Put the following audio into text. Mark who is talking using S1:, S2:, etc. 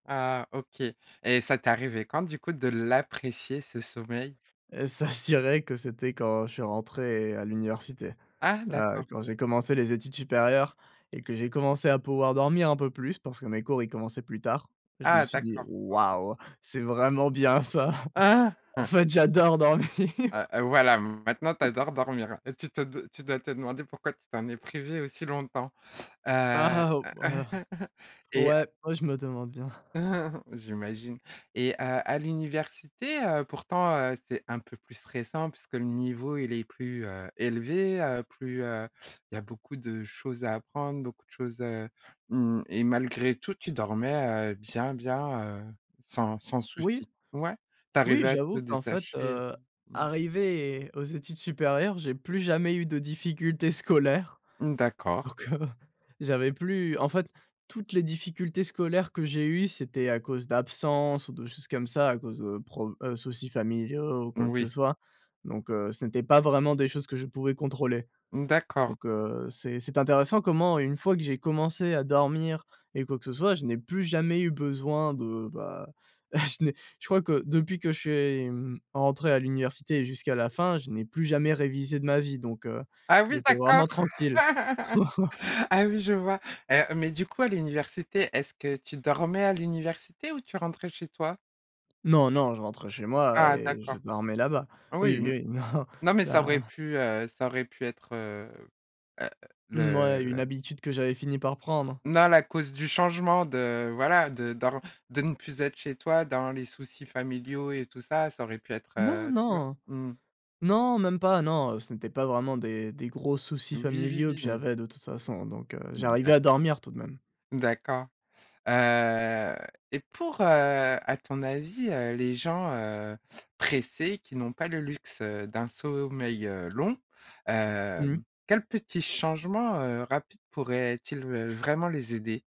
S1: Ah, OK, et ça t'es arrivé quand, du coup, de l'apprécier, ce sommeil?
S2: Heu, s'assurer que c'était quand je suis rentré à l'université.
S1: Ah
S2: Là,
S1: d'accord.
S2: quand j'ai commencé les études supérieures, et que j'ai commencé à pouvoir dormir un peu plus, parce que mes cours, ils commençaient plus tard, je me
S1: Ah,
S2: suis dit:
S1: d'accord. OK.
S2: «Waouh!» C'est vraiment bien ça.
S1: Ah!
S2: En fait, j'adore dormir!
S1: Heu heu, voilà. Maintenant, tu adores dormir, tu te tu dois te demander pourquoi tu t'en es privé aussi longtemps.
S2: Ah,
S1: Heu?
S2: ah, oh, ah,
S1: Et
S2: ouais, ouais, je me demande bien.
S1: j'imagine, et heu, à l'université, heu, pourtant, heu, c'est un peu plus stressant puisque le niveau, il est plus, heu, élevé, plus, heu, il y a beaucoup de choses à apprendre, beaucoup de choses, heu, mmh, et malgré tout, tu dormais, heu, bien bien, heu, sans sans souci.
S2: Oui.
S1: Ouais? Tu
S2: Oui,
S1: arrivais à te
S2: j'avoue qu'en fait,
S1: détacher?
S2: heu,
S1: Mmh.
S2: arrivé aux études supérieures, j'ai plus jamais eu de difficultés scolaires.
S1: Mmh, d'accord.
S2: Alors que j'avais plus en fait toutes les difficultés scolaires que j'ai eues, c'était à cause d'absences ou de choses comme ça, à cause de pro heu, soucis familiaux ou quoi que ce
S1: Moui.
S2: soit, donc heu, ce n'était pas vraiment des choses que je pouvais contrôler,
S1: Mmh, d'accord.
S2: donc heu, c'est c'est intéressant comment une fois que j'ai commencé à dormir et quoi que ce soit, je n'ai plus jamais eu besoin de, bah, je n'ai je crois que depuis que je suis, hem, rentré à l'université jusqu'à la fin, je n'ai plus jamais révisé de ma vie, donc heu,
S1: Ah oui,
S2: j'étais
S1: d'accord!
S2: vraiment tranquille.
S1: Ah oui, je vois. Heu, mais du coup, à l'université, est-ce que tu dormais à l'université, ou tu rentrais chez toi?
S2: Non, non, je rentrais chez moi,
S1: Ah
S2: et je
S1: d'accord.
S2: dormais là-bas.
S1: Oui
S2: Oui,
S1: n
S2: oui, oui, non,
S1: non, mais ça aurait
S2: là
S1: pu, heu, ça aurait pu être, heu heu,
S2: Mouais, une
S1: le
S2: habitude que j'avais fini par prendre.
S1: Non, la cause du changement de voilà, de dor de ne plus être chez toi, dans les soucis familiaux et tout ça, ça aurait pu être,
S2: Non,
S1: heu, tu vois?
S2: non.
S1: Mmh.
S2: Non, même pas, non, ce n'était pas vraiment des des gros soucis
S1: Oui, oui,
S2: familiaux que
S1: oui, oui.
S2: j'avais de toute façon, donc heu,
S1: Mmh
S2: j'arrivais
S1: d'a
S2: à dormir tout de même.
S1: D'accord. Heu, et pour, heu, à ton avis, heu, les gens, heu, pressés qui n'ont pas le luxe, heu, d'un sommeil, heu, long, heu,
S2: Mmh.
S1: quels petits changements, heu, rapides pourraient-ils, heu, vraiment les aider?